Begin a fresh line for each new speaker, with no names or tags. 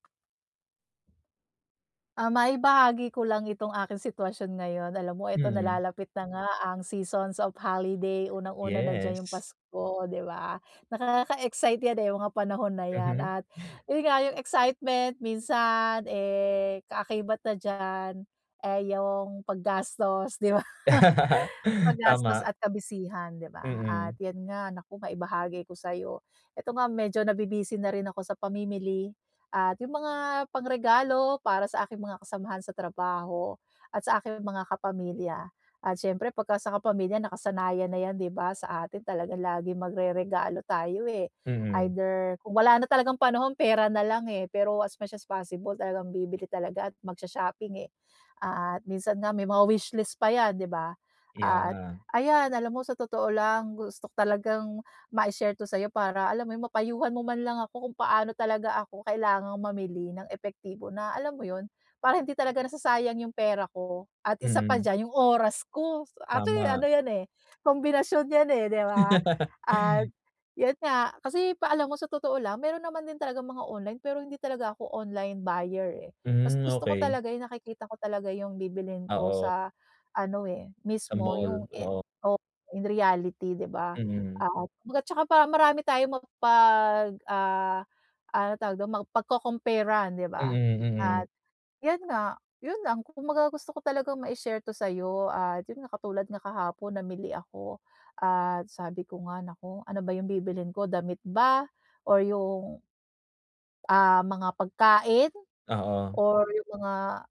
Ah, maibahagi ko lang itong aking sitwasyon ngayon. Alam mo eto
Mm.
nalalapit na nga ang seasons of holiday, unang-una na diyan 'yong
Yes.
Pasko, 'di ba? Nakaka-excite 'yan, eh, mga panahon na 'yan.
Mhm.
At 'yon nga, 'yong excitement minsan, eh, kaakibat na diyan ay 'yong paggastos, 'di ba? Paggastos
Tama.
at ka-busy-han, 'di ba, at
Mm.
'yan nga naku, maibahagi ko sa'yo. Ito nga medyo nabi-busy na rin ako sa pamimili at 'yong mga pangregalo para sa aking mga kasamahan sa trabaho at sa aking mga kapamilya. At siyempre pagka sa kapamilya nakasanayan na 'yan, 'di ba, sa atin talagang laging magreregalo tayo, eh.
Mm.
Either kung wala na talagang panahon, pera na lang, eh. Pero as much as possible talagang bibili talaga at mag-sho-shopping, eh. At minsan nga may mga wishlist pa 'yan, 'di ba?
Kaya
At
nga.
ayan alam mo sa totoo lang gusto ko talagang mai-share 'to sa'yo para, alam mo 'yon, mapayuhan mo man lang ako kung paano talaga ako kailangang mamili ng epektibo na, alam mo 'yon, para hindi talaga nasasayang 'yong pera ko. At isa pa
Mm.
diyan, 'yong oras ko. So actually
Tama.
ano 'yan, eh, kombinasyon 'yan, eh, 'di ba? At 'yon nga kasi pa alam mo sa totoo lang, meron naman din talagang mga online, pero hindi talaga ako online buyer, eh. Mas
Hmm,
gusto ko
okey.
talaga 'yong nakikita ko talaga 'yong bibilhin ko
Oo.
sa ano, eh,
Sa
mismo
mall?
'yong, eh,
Oo.
oh, in reality, 'di ba?
Mm.
At kumbaga 'tsaka para marami tayong mapag ah, ano tawag do'n? Mapagco-compare-an, 'di ba?
Mm,
At
mm.
'yon nga. 'Yon lang. Kumbaga gusto ko talagang mai-share to sa'yo at 'yon nga, katulad nga kahapon namili ako. At sabi ko nga, "Naku, ano ba 'yong bibilhin ko? Damit ba? Or yung" ah mga pagkain?
Oo.
Or 'yong mga